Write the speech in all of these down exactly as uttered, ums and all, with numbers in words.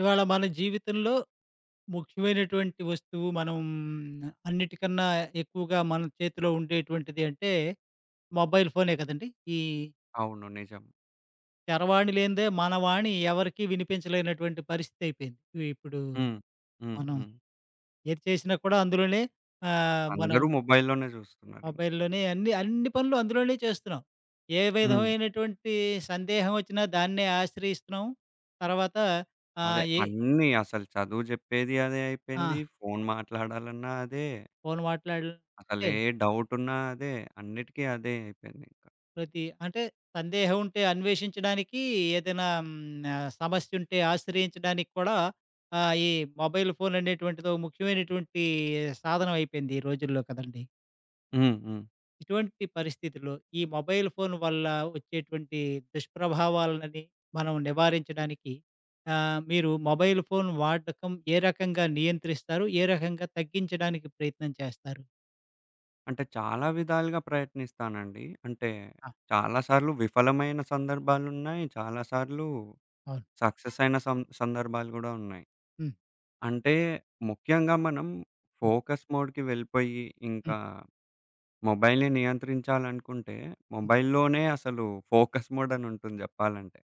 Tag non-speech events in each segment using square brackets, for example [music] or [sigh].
ఇవాళ మన జీవితంలో ముఖ్యమైనటువంటి వస్తువు, మనం అన్నిటికన్నా ఎక్కువగా మన చేతిలో ఉండేటువంటిది అంటే, మొబైల్ ఫోనే కదండీ. ఈ అవును. నిజం. చరవాణి లేనిదే మన వాణి ఎవరికీ వినిపించలేనటువంటి పరిస్థితయిపోయింది. వి ఇప్పుడూ హ్మ్. హ్మ్. మనం హ్మ్. ఏది చేసినా కూడా అందులోనే. ఆహ్, మనం అందరు మొబై‌‌ల్‌లోనే జూస్తున్నారింక. మొబైల్‌లోనే అన్ని, అన్ని పనులు అందులోనే చేస్తున్నాం. ఏ హ్మ్. విధమైనటువంటీ సందేహవొచ్చినా దాన్నే ఆశ్రయిస్తున్నాం. తరువాతా అదే. ఆహ్, ఏ అన్నీ, అసలు చదువు జెప్పేది అదే అయిపోయింది. ఆ! ఫోను మాట్లాడాలన్నా అదే. ఫోను మాట్లాడిల్‌తే అసలే డౌటున్నా అదే. అన్నిటికి అదే అయిపోయిందింక. ప్రతి అంటే, సందేహవుంటే అన్వేషించడానికీ, ఏదైనా హ్మ్, ఆహ్, సమస్యుంటే ఆశ్రయించడానికి కూడా ఆహ్, ఈ మొబైలు ఫోననేటువంటిదో ముఖ్యమైనటువంటీ ఏ సాధనవపోయింది ఈ రోజుల్లో కదండీ. హ్మ్. హ్మ్. ఇటువంటి పరిస్థితుల్లో, ఈ మొబైలు ఫోను వల్ల ఒచ్చేటువంటీ దుష్ప్రభావాలననీ మనం నివారించడానికి, ఆహ్, మీరూ మొబైలు ఫోను వాడకం ఏ రకంగా నియంత్రిస్తారు? ఏ రకంగా తగ్గించడానికి ప్రయత్నం చేస్తారు? అంటే చాలా విధాలుగా ప్రయత్నిస్తానండి అంటే ఆ! చాలా సార్లు విఫలమైన సందర్భాలున్నాయి. చాలా సార్లు అవును. సక్సెస్ అయిన సం సందర్భాలు గూడా ఉన్నాయి. హ్మ్. అంటే ముఖ్యంగా మనం హ్మ్. ఫోకస్ మోడ్‌కి వెళ్ళిపోయి హ్మ్. ఇంకా మొబైల్‌ని నియంత్రించాలనుకుంటే హ్మ్. మొబైల్‌‌లోనే అసలు ఫోకస్ మోడ్ అనుంటుంది జెప్పాలంటే.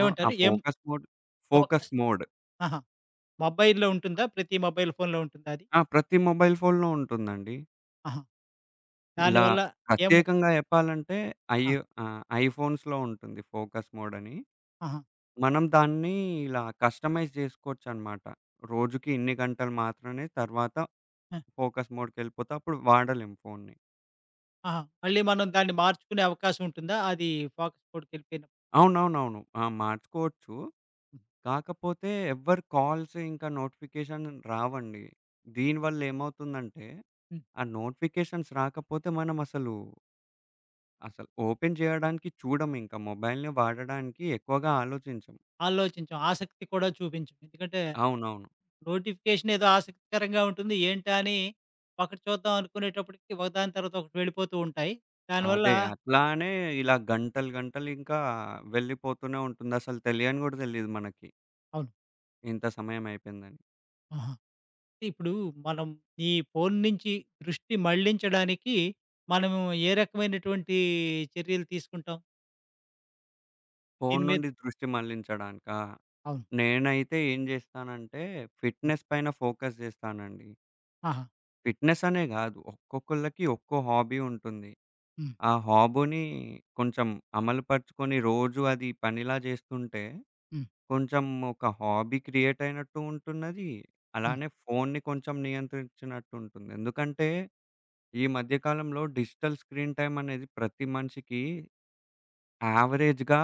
ఆ! ఆ ఏమంటారు? ఏం focus mode focus focus mode. ఆహా! మొబైల్‌లో ఉంటుందా ప్రతి మొబైల్ ఫోన్‌లో ఉంటుందా అది? ఆ! ప్రతి మొబైల్ ఫోన్‌లో ఉంటుందండి. ఆహా! ఇలా దానివల్ల ఏమో ప్రత్యేకంగా జెప్పాలంటే ఐ ఆ! ఆహ్. ఐఫోన్స్‌లో ఉంటుంది ఫోకస్ మోడ్ అని. ఆహా! మనం దాన్ని ఇలా కస్టమైజ్ జేసుకోవచ్చన్నమాట రోజుకి ఇన్ని గంటలు మాత్రమే తర్వాత ఆ! ఫోకస్ మోడ్‌కెళ్ళిపోతే అప్పుడు వాడలేము ఫోన్ని. ఆహా! మళ్ళీ మనం దాన్ని మార్చుకునే అవకాశం ఉంటుందా అది ఫోకస్ మోడ్‌కెళ్ళిపోయినప్పుడు? అవునవునవును. ఆ! మార్చుకోవచ్చు. హ్మ్. కాకపోతే ఎవ్వరి కాల్స్ ఇంకా నోటిఫికేషన్ రావండి. దీని వల్లేమవుతుందంటే హ్మ్. ఆ నోటిఫికేషన్స్ రాకపోతే మనమసలు అసలు ఓపెన్ జేయడానికి చూడము. ఇంకా మొబైల్‌ని వాడడానికి ఎక్కువగా ఆలోచించం. ఆలోచించం. ఆసక్తి కూడా చూపించం. ఎందుకంటే అవునవును. నోటిఫికేషన్ ఏదో ఆసక్తికరంగా ఉంటుంది. ఏంటా? అని ఒకటి చూద్దాం అనుకునేటప్పడికి ఒకదాని తర్వాత ఒకటి వెళ్ళిపోతూ ఉంటాయి. దానివల్ల అదే. అట్లానే ఇలా గంటలు గంటలు ఇంకా వెళ్ళిపోతూనే ఉంటుంది. అసలు తెలియని గూడా తెలియదు మనకి. అవును. ఇంత సమయమయిపోయిందని. ఆహా! ఇప్పుడూ మనం ఈ ఫోను నించి దృష్టి మళ్ళించడానికీ, మనము ఏ రకవైనటువంటీ చర్యలు తీసుకుంటాం. ఫోను దీని మీద? నుండి దృష్టి మళ్ళించడానికా? అవును. నేనైతే ఏం జేస్తానంటే, హ్మ్. ఫిట్‌నెస్ పైన ఫోకస్ జేస్తానండీ. ఆహా! ఫిట్‌నెస్ అనే గాదు, ఒక్కొక్కళ్ళకి ఒక్కో హాబీ ఉంటుంది. హ్మ్. ఆ హాబునీ కొంచెం అమలు పరుచుకొని, రోజూ అది పనిలా జేస్తుంటే, హ్మ్. కొంచెం ఒక హాబీ క్రియేటయినట్టూ ఉంటున్నదీ, హ్మ్. అలానే ఫోన్ని కొంచం నియంత్రిచ్చినట్టుంటుంది. ఎందుకంటే, ఈ మధ్య కాలంలో డిజిటల్ స్క్రీన్ టైమనేది ప్రతి మనిషికీ యావరేజ్‌గా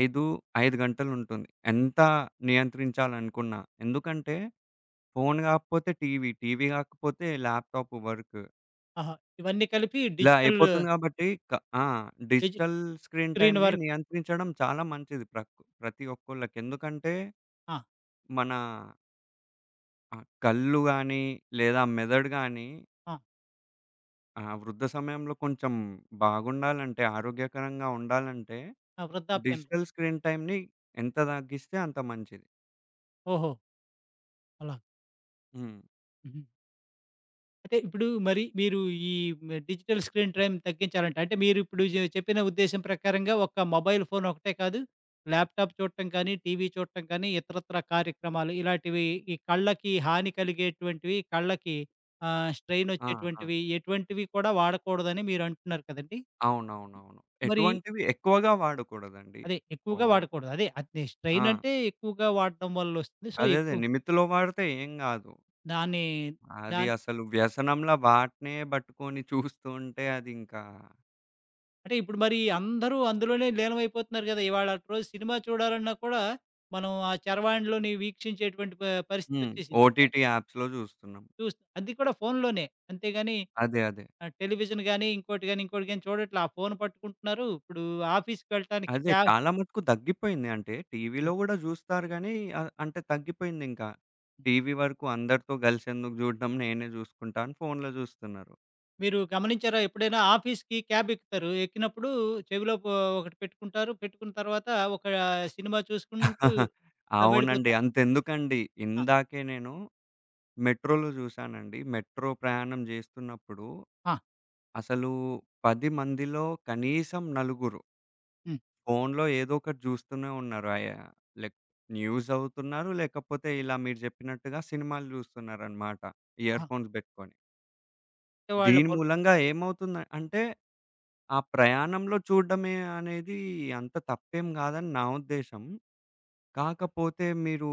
ఐదూ ఐదు గంటలుంటుంది. ఎంతా నియంత్రించాలనుకున్నా. ఎందుకంటే, ఫోను గాకపోతే టీవీ, టీవీ గాకపోతే ల్యాప్‌టాపు వర్కు. ఆహా! ఇవన్నీ కలిపి ఇలా డిజిటల్లు అయిపోతుంది గాబట్టీ, క ఆ! డిజి డిజిటల్ స్క్రీన్ స్క్రీన్ టైమ్‌ని వర్క్. నియంత్రించడం చాలా మంచిది ప్రక్ ప్రతి ఒక్కళ్ళకి. ఎందుకంటే, ఆ! మనా ఆ! కళ్ళు గాని లేదా మెదడు గాని ఆ! ఆ! వృద్ధ సమయంలో కొంచెం బాగుండాలంటే, ఆరోగ్యకరంగా ఉండాలంటే ఆ! వృద్ధాప్యన్ డిజిటల్ స్క్రీన్ టైమ్‌ని ఎంత తగ్గిస్తే అంత మంచిది. ఓహో! అలా. హ్మ్. హుహు. అంటే ఇప్పుడు, మరి మీరు ఈ డిజిటల్ స్క్రీన్ ట్రైమ్ తగ్గించాలంటే అంటే మీరిప్పుడు చె చెప్పిన ఉద్దేశం ప్రకారంగా ఒక మొబైల్ ఫోనొకటే కాదు. ల్యాప్‌టాప్ చూడటం కానీ, టీవీ చూడటం కాని ఇతరత్రా కార్యక్రమాలు, ఇలాటివి ఈ కళ్ళకి హాని కలిగేటువంటివి కళ్ళకి ఆహ్, స్ట్రెయిన్ ఆహా! వచ్చేటువంటివి ఎటువంటివి కూడా వాడకూడదని మీరంటున్నారు కదండీ! అవునవునవును. మరి ఎటువంటివి ఎక్కువగా వాడకూడదండి. అదే ఓ ఎక్కువగా వాడకూడదు. అదే, అదె ఆ! స్ట్రెయినంటే ఎక్కువగా వాడడం వల్ల వస్తుంది. సో అదే. అదే. ఎక్కువ నిమిత్తిలో వాడితే ఏం గాదు. దాన్ని, అది దాన్ అసలు వ్యసనంలా వాటినే బట్టుకొని [giggles] చూస్తుంటే అదింకా అంటే ఇప్పుడు మరి అందరూ అందులోనే లీనమైపోతున్నారు గదా! ఇవాళటు రోజు సినిమా చూడాలన్నా కూడా, మనం ఆ చరవాణిలోని వీక్షించేటటువంటి ప హ్మ్. పరిస్థితొచ్చేసింది. అయ్ ఓటీటీ యాప్స్‌లో జూస్తున్నాం. చూస్ అది కూడా ఫోనులోనే అంతే గాని అదే. అదే. ఆహ్, టెలివిజన్ గాని, ఇంకోటి గాని ఇంకోటి గాని చూడట్లే. ఆ ఫోను పట్టుకుంటున్నారు. ఇప్పుడు ఆఫీస్‌కెళ్ళటానికి అదే. క్యా చాలా మటుకు తగ్గిపోయింది. అంటే హ్మ్. టీవీలో గూడా చూస్తారు గాని అ అంటే తగ్గిపోయిందింకా. టీవీ వరకు అందరితో గలిసెందుకు జూడడం నేనే జూసుకుంటా అని ఫోన్లో జూస్తున్నారు. మీరు గమనించారా, ఎప్పుడైనా ఆఫీస్‌కి క్యాబెక్కుతారు. ఎక్కినప్పుడూ చెవిలో పో ఒకటి పెట్టుకుంటారు. పెట్టుకున్న తర్వాతా ఒకా సినిమా చూసుకుంటూ [chuckles] ఆహ్, అవునండి. వెళ్ళిపోతా అంతెందుకండి, ఆ! ఇందాకే నేనూ మెట్రోలో జాశానండి. మెట్రో ప్రయాణం జేస్తున్నప్పుడు, ఆ! అసలూ పది మందిలో కనీసం నలుగురు... హ్మ్. ఫోన్లో ఏదొకటి జూస్తూనే ఉన్నారయా, లేక్ న్యూస్ జదువుతున్నారు, లేకపోతే ఇలా మీరు జెప్పినట్టుగా సినిమాలు జూస్తున్నారనమాట అహా! ఇయర్‌ఫోన్స్ బెట్టుకొని. అంటే వాళ్ళ దీని పల్ మూలంగా ఏమవుతుంద అంటే, ఆ ప్రయాణంలో చూడడమే అనేదీ అంత తప్పేం గాదని నా ఉద్దేశం. కాకపోతే, మీరూ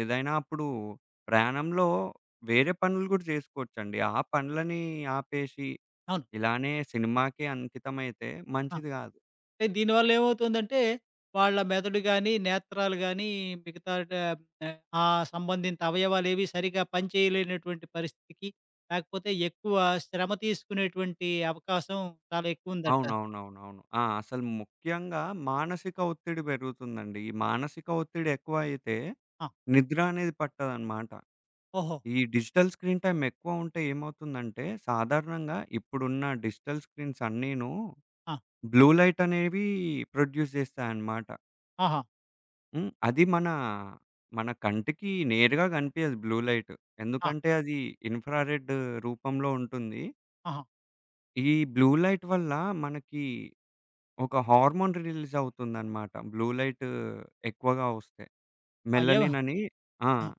ఏదైనా అప్పుడు ప్రయాణంలో వేరే పనులు గూడా జేసుకోవచ్చండి. ఆ పనులనీ ఆపేసీ అవును. ఇలానే సినిమాకే అంకితమైతే ఆ! మంచిది గాదు. అంటే, దీని వల్లేవవుతోందంటే, వాళ్ళ మెదడు గానీ, నేత్రాలు గానీ మిగతా డ ఆహ్, ఆ సంబంధిత అవయవాలేవీ సరిగ్గా పనిచేయలేనటువంటి పరిస్థితికి, లాకపోతే ఎక్కువ శ్రమ తీసుకునేటువంటి అవకాశం చాలా ఎక్కువుందంటారు. అవునవునవునవును. ఆ! అసలు ముఖ్యంగా మానసిక ఒత్తిడి బెరుగుతుందండి. ఈ మానసిక ఒత్తిడి ఎక్కువైతే, ఆ! నిద్ర అనేది పట్టదనమాట. ఓహో! ఈ డిజిటల్ స్క్రీన్ టైమ్ ఎక్కువ ఉంటే ఏమవుతుందంటే, సాధారణంగా ఇప్పుడున్న డిజిటల్ స్క్రీన్స్ అన్నినూ ఆ! బ్లూ లైట్ అనేవీ ప్రొడ్యూస్ జేస్తాయనమాట. ఆహా! హ్మ్. అది మన, మన కంటికి నేరుగా కనిపియ్యదు బ్లూ లైట్. ఆ! ఎందుకంటే, అది ఇన్ఫ్రారెడ్డు రూపంలో ఉంటుంది. ఆహా! ఈ బ్లూ లైట్ వల్ల మనకి, ఒక హార్మోన్ రిలీజ్ అవుతుందన్నమాట. బ్లూ లైటూ, ఎక్కువగా వస్తే. అయ్యో! మెలనిన్ అని ఆ! ఆహ్,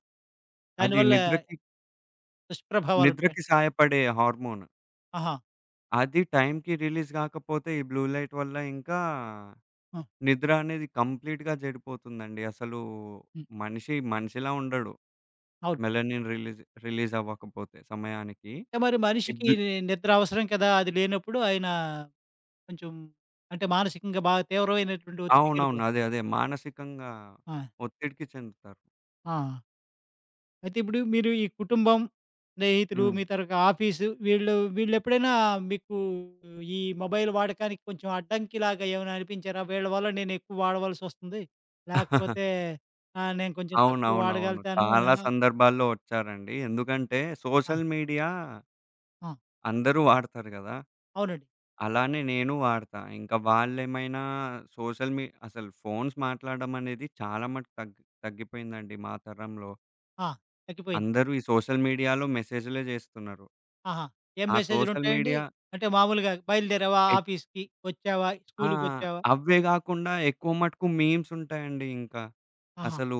దాని అది వల్ల నిద్రకి దుష్ప్రభావాలు ఉంటాయి. నిద్రకి సాయపడే హార్మోన్. ఆహా! అది టైంకి రిలీజ్ గాకపోతే, ఈ బ్లూ లైట్ వల్ల ఇంకా, ఆ! నిద్ర అనేది కంప్లీట్‌గా జెడిపోతుందండి. అసలూ, హ్మ్. మనిషి మనిషిలా ఉండడు. అవును. మెలనిన్ రిలీజ్ రిలీజ్ అవ్వకపోతే సమయానికి. అంటే, మరి ఈ మనిషికి బ్ల్ నిద్ర అవసరం కదా, అది లేనప్పుడు, ఆయన కొంచెం అంటే, మానసికంగా బాగా తీవ్రమైనటువంటి అవునవును. ఒత్తిడికెళ్ళిపోతాడు. అదే. అదే. మానసికంగా ఆ! ఒత్తిడికి చెందుతారు. ఆ! ఆ! అయితే ఇప్పుడు మీరు ఈ కుటుంబం, స్నేహితులు హ్మ్. మీ తరుక ఆఫీసు వీళ్ళు వీళ్ళెప్పుడైనా మీకు ఈ మొబైల్ వాడకానికి కొంచెం అడ్డంకి లాగా ఏమైనా అనిపించారా? వీళ్ళ వల్ల నేను ఎక్కువ వాడవలసి వస్తుంది. లేకపోతే [giggles] ఆహ్, నేను కొంచెం తక్కువ అవునవునవును. వాడగలుగుతాను. చాలా ఆహ్, సందర్భాల్లో వచ్చారండి. ఎందుకంటే ఆ! సోషల్ మీడియా ఆ! అందరూ వాడతారు గదా! అవునండి. అలానే నేను వాడతా. ఇంకా వాళ్ళేమైనా సోషల్ మీ అసలు ఫోన్స్ మాట్లాడం అనేది చాలా మటుకు తగ్గి తగ్గిపోయిందండి మా తరంలో. ఆ! తగ్గిపోయింది. అందరూ ఈ సోషల్ మీడియాలో మెసేజ్‌లే జేస్తున్నారు. ఆహా! ఏం ఆ సోషల్ మెసేజ్లుంటాయండి? మీడియా అంటే మామూలుగా బయలుదేరావా ఏక్ ఆఫీస్‌కి వచ్చావా ఆ! స్కూలుకొచ్చావా? అవే గాకుండా ఎక్కువ మటుకు మీమ్స్ ఉంటాయండి ఇంకా. ఆహా! అసలు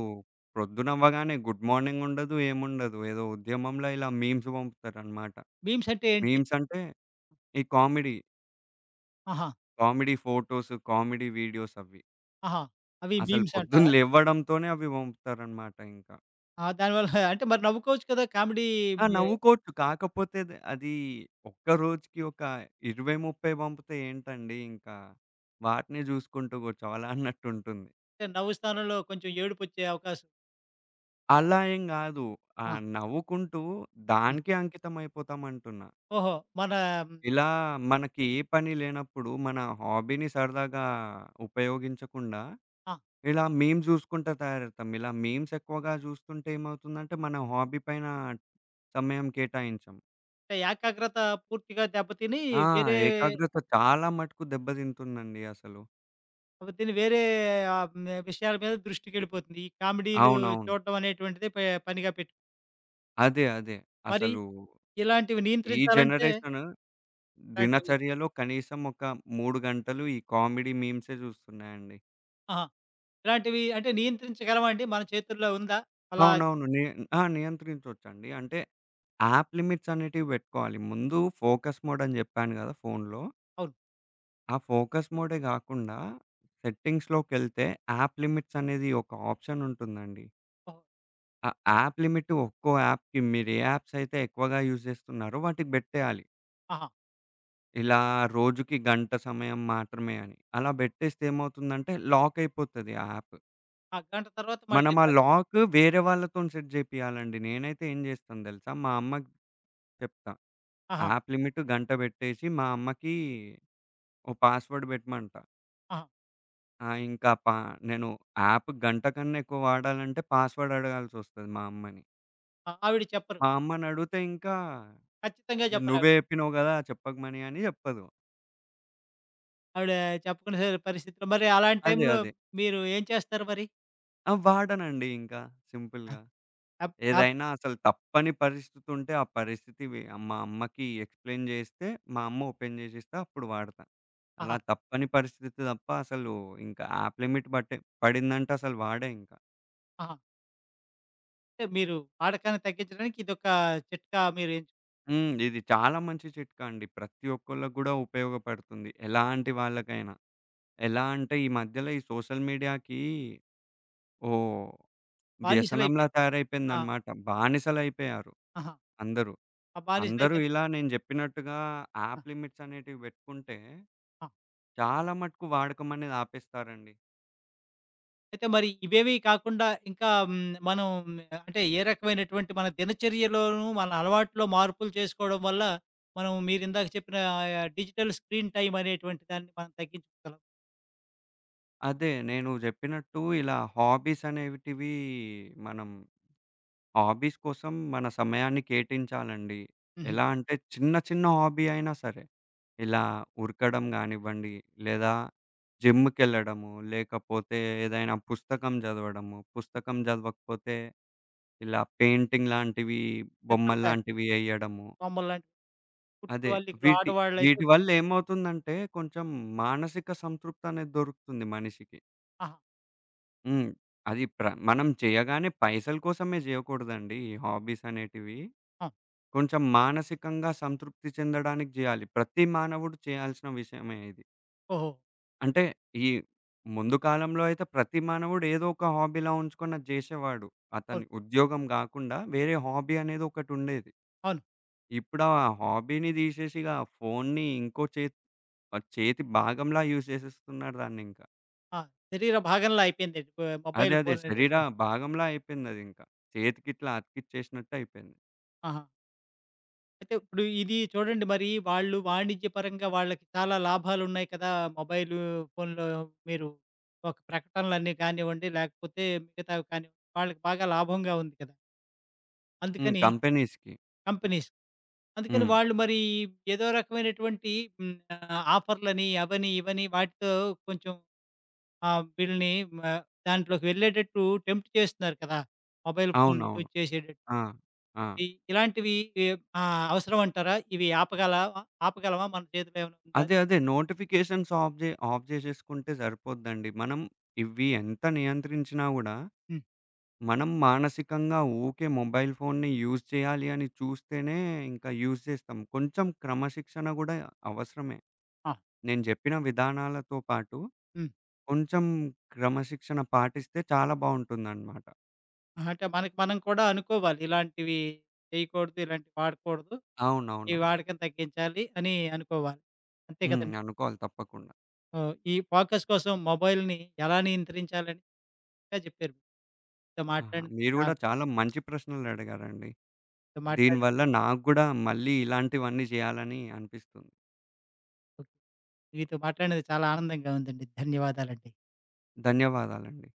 ప్రొద్దున అవ్వగానే గుడ్ మార్నింగ్ ఉండదు ఏముండదు. ఏదో ఉద్యమంల ఇలా మీమ్స్ పంపుతారన్నమాట. మీమ్స్ అంటే ఏంటి? మీమ్‌సంటే ఈ కామెడీ ఆహా! కామెడీ ఫోటోస్, కామెడీ వీడియోస్ అవి. ఆహా! అవి అసలు మీమ్స్ పొద్దున అంటారా? లేవ్వడం‌తోనే అవి పంపుతారనమాట ఇంకా. ఆహ్, దాని వల్ల [chuckles] అంటే మరి నవ్వుకోవచ్చు కదా కామెడీ ఆ! ఏ నవ్వుకోచ్చు కాకపోతేది అది ఒక్క రోజుకి ఒక ఇరవై ముప్పై పంపితే ఏంటండి ఇంకా వాటినే జుసుకుంటూ కూర్చోవలా అన్నట్టుంటుంది. అంటే నవ్వు స్థానంలో కొంచెం ఏడుపోచ్చే అవకాశం అలా ఏం గాదు. ఆ ఆ! నవ్వుకుంటూ హ్మ్. దానికే అంకితం అయిపోతామంటున్నా. ఓహో! మన ఇలా మనకి ఏ పని లేనప్పుడు మన హాబీని సరదాగా ఉపయోగించకుండా, ఆ! ఇలా మీమ్స్ జుసుకుంటా తయారవుతాం. ఇలా మీమ్స్ ఎక్కువగా చూస్తుంటే ఏమవుతుందంటే మన హాబీ పైన సమయం కేటాయించాం. ఏకాగ్రతా పూర్తిగా దెబ్బతినీ ఆ! వేరే ఏకాగ్రత చాలా మటుకు దెబ్బదింటుందండి అసలు. అవు దీన్ని వేరే ఆహ్, మె విషయాల మీద దృష్టికెళ్ళిపోతుంది. ఈ కామిడీలూ అవునవును. చూడటం అనేటువంటిదే పే పనిగా పెట్టు అదే, అదే. మరి అసలూ ఇలాంటివి ఈ నియంత్రించాలంటే జనరేషను ఇలాంటివి దినచర్యలో కనీసమొక మూడు గంటలు ఈ కామిడీ మీమ్సే జూస్తున్నాయండి. ఆహా! ఇలాంటివీ అంటే, నియంత్రించగలమా అండి? మన చేతుల్లో ఉందా అలా? అవునవును. నీ ఆ! నియంత్రించొచ్చండి. అంటే, యాప్ లిమిట్సనేటివి బెట్టుకోవాలి, ముందూ ఫోకస్ మోడని జెప్పాను గదా ఫోన్లో. అవును. ఆ ఫోకస్ మోడే గాకుండా, సెట్టింగ్స్‌లోకెళ్తే యాప్ లిమిట్సనేది ఒక ఆప్షనుంటుందండి. ఓహో! ఆ యాప్ లిమిట్టు ఒక్కో యాప్‌కి, మీరే యాప్సయితే ఎక్కువగా యూజ్ జేస్తున్నారో వాటికి బెట్టేయాలి. ఆహా! ఇలా రోజుకి గంట సమయం మాత్రమే అని. అలా బెట్టేస్తే ఏమవుతుందంటే, లాకయిపోతది ఆ యాప్. ఆ! గంట తర్వాత మళ్ళీ మనం ఆ రాద్ లాకు వేరే వాళ్ళతోని సెట్ జేపియాలండి. నేనైతే ఏం జేస్తాను దెలుసా? మా అమ్మకి చెప్తా. ఆహా! యాప్ లిమిటు గంట బెట్టేషీ మా అమ్మకీ ఓ పాస్‌వర్డ్ పెట్టమంట. ఆ! ఆ! ఇంకా పా నేను యాప్ గంట కన్నా ఎక్కువ వాడాలంటే పాస్‌వర్డ్ అడగాల్సొస్తది మా అమ్మని. అ! ఆవిడ చెప్పరు. మా అమ్మనడుగుతే ఇంకా, ఖచ్చితంగా చెప్పరు ఆవిడ. నువ్వే జెప్పినావు గదా చెప్పకమని అని, జెప్పదు. ఆవిడ చెప్పుకునే పరిస్థితిలో మరి అలాంటి అదే టైంలో అదే. మీరు ఏం చేస్తారు మరి? ఆ! వాడనండి ఇంకా అ! సింపుల్‌గా. అ అప్ ఏదైనా అసలు తప్పని పరిస్థితుంటే, ఆ పరిస్థితి వి మా అమ్మకి ఎక్స్‌ప్లైన్ జేస్తే మా అమ్మ ఓపెన్ జేసిస్తే అప్పుడు వాడతా. అలా ఆహా! తప్పని పరిస్థితి తప్ప అసలు ఇంకా యాప్ లిమిట్ బట్టే పడిందంటే అసలు వాడే ఇంకా. ఆహా! అంటే మీరు వాడకాన్ని తగ్గించడానికి ఇదొక చిట్కా మీరెంచు హ్మ్. ఇది చాలా మంచి చిట్కా అండి. ప్రతి ఒక్కళ్ళకి కూడా ఉపయోగపడుతుంది. ఎలాంటి వాళ్ళకైనా. ఎలా అంటే, ఈ మధ్యల ఈ సోషల్ మీడియాకి ఓ వ్యసనంలా బానిసలయిపోయారు. ఆ! తయారైపోయిందన్నమాట. బానిసలయిపోయారు, ఆహా! అందరూ. ఆ! బానిస అందరూ అయిపోయిన ఇలా నేను చెప్పినట్టుగా అ! యాప్ లిమిట్స్ అనేటివి పెట్టుకుంటే ఆ! చాలా మటుకు వాడకం అనేది ఆపేస్తారండి. అయితే మరీ ఇవేవీ కాకుండా, ఇంకా హ్మ్, మనం అంటే, ఏ రకమైనటువంటి మన దినచర్యలోనూ, మన అలవాట్లో మార్పులు చేసుకోడం వల్లా, మనం మీరిందాక చెప్పినా ఆయా డిజిటల్ స్క్రీన్ టైమ్ అనేటువంటి దాన్ని మనం తగ్గించుకోగలం. అదే. నేను జెప్పినట్టూ ఇలా హాబీసనేటివీ మనం హాబీస్ కోసం మన సమయాన్ని కేటించాలండి. హుహు. ఎలా అంటే, చిన్న చిన్న హాబీ అయినా సరే, ఇలా ఉరకడం గానివ్వండి, లేదా జిమ్ముకెళ్ళడము, లేకపోతే ఏదైనా పుస్తకం జదవడము, పుస్తకం జదవకపోతే ఇలా పెయింటింగ్ లాంటివీ, చిత్ర బ్యాగ్. బొమ్మల్లాంటివి యెయ్యెడము. బొమ్మలు లాంటి పుట్ అదే. వాళ్ళి, ఇంట్లో వీటి, ఆడవాళ్ళైతే వీటి వల్లేమవుతుందంటే, కొంచం మానసిక సంతృప్తనేది దొరుకుతుంది మనిషికి. ఆహా! హ్మ్. అది ప్ర మనం చెయ్యగానే పైసల కోసమే జెయ్యకూడదండి ఈ హాబీసనేటివీ, ఆ! కొంచెం మానసికంగా సంతృప్తి చెందడానికి జెయ్యాలి. ప్రతి మానవుడు చెయ్యాల్సిన విషయమే ఇది. ఓహో! అంటే, ఈ ముందు కాలంలో అయితే, ప్రతి మానవుడు ఏదో ఒక హాబీలా ఉంచుకొని అది జేషేవాడు. అవును. అతని ఉద్యోగం గాకుండా, వేరే హాబీ అనేదొకటుండేది. అవును. ఇప్పుడా హాబీని దీషేషిగా ఫోన్ని ఇంకో చేత్ ప చేతి భాగంలా యూజ్ జేసేస్తున్నారు దాన్నింక. ఆ! శరీర భాగంలా అయిపోయిందది, ప ఆహ్, అదే, మొబైలు అదే. ఫోననేది శరీర ఇంక. భాగంలా అయిపోయిందదింక. చేతికిట్లా అతికిచ్చేసినట్టయిపోయింది. ఆహా! అయితే ఇప్పుడు ఇదీ చూడండి, మరీ వాళ్ళు వాణిజ్య పరంగా వాళ్ళకి చాలా లాభాలున్నాయి కదా మొబైలూ ఫోనులో. మీరు ఒక ప్రకటనలన్నీ గానివ్వండి, లేకపోతే మిగతావి కానివ్ వాళ్ళకి బాగా లాభంగా ఉంది కదా! హ్మ్. అందుకనీ కంపెనీస్‌కి. కంపినీస్. అందుకని హ్మ్. వాళ్ళు మరీ ఏదో రకమైనటువంటీ హ్మ్, ఆహ్, ఆఫర్లని, అవని, ఇవని, వాటితో కొంచం ఆ బిల్‌ని ఆహ్, దాంట్లోకి వెళ్ళేటట్టూ టెంప్ట్ చేస్తున్నారు కదా, మొబైల్ ఫోన్ అవునవును. యూజ్ జేసేటట్టు. ఆ! ఆ! ఇ ఇలాంటివీ ఎ ఆహ్, అవసరవంటారా? ఇవి ఆపగలా ఆపగలవా? మన చేతిలో ఏవైనుందా? అదే, అదే. నోటిఫికేషన్స్ ఆఫ్ జే ఆఫ్ జేసేసుకుంటే సరిపోద్దండి. మనం ఇవి ఎంత నియంత్రించినా గూడా, హ్మ్. మనం మానసికంగా ఊకే మొబైల్ ఫోన్‌ని యూజ్ చెయ్యాలి అని చూస్తేనే ఇంక యూజ్ చేస్తాం. కొంచెం క్రమశిక్షణ గూడా అవసరమే. ఆ! నేను జెప్పిన విధానాలతో పాటు, హ్మ్. కొంచెం క్రమశిక్షణ పాటిస్తే చాలా బావుంటుందనమాట. ఆహ్! అంటే, మనకి మనం కూడా అనుకోవాలి, ఇలాంటివీ చెయకూడదు. ఇలాంటి వాడకూడదు. ఈ అవునవునవును. వాడకం తగ్గించాలి, అనీ అనుకోవాలి. అంతే హ్మ్. కదండీ. అనుకోవాలి తప్పకుండా. ఆహ్, ఈ ఫోకస్ కోసం మొబైల్‌ని ఎలా నియంత్రించాలని [unintelligible] చక్కగా జెప్పారు. మీతో ఆహా! మాట్లాడినందుకు మీరు చా గూడా చాలా మంచి ప్రశ్నలడిగారండి. మీతో దీని మాట్లాడల వల్ల నాకు గూడా మళ్ళీ ఇలాంటివన్నీ జెయ్యాలనీ అనిపిస్తుంది. ఓకె. మీతో మాట్లాడినది చాలా ఆనందంగా ఉందండి. ధన్యవాదాలండి. ధన్యవాదాలండి.